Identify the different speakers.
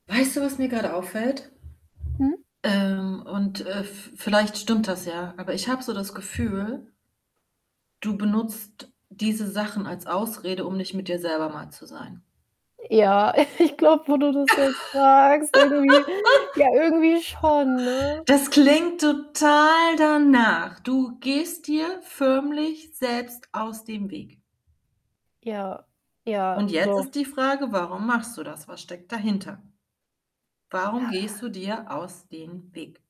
Speaker 1: Weißt du, was mir grade auffällt?
Speaker 2: Mhm.
Speaker 1: Ähm, und, äh, v vielleicht stimmt das ja, aber ich habe so das Gefühl du benutzt diese Sachen als Ausrede, um nicht mit dir selber mal zu sein.
Speaker 2: Ja, ich glaube, wo du das jetzt sagst, irgendwie ja, irgendwie schon, ne?
Speaker 1: Das klingt total danach. Du gehst dir förmlich selbst aus dem Weg.
Speaker 2: Ja, ja,
Speaker 1: Und jetzt
Speaker 2: doch.
Speaker 1: ist die Frage: Warum machst du das? Was steckt dahinter? Warum gehst du dir aus den Weg?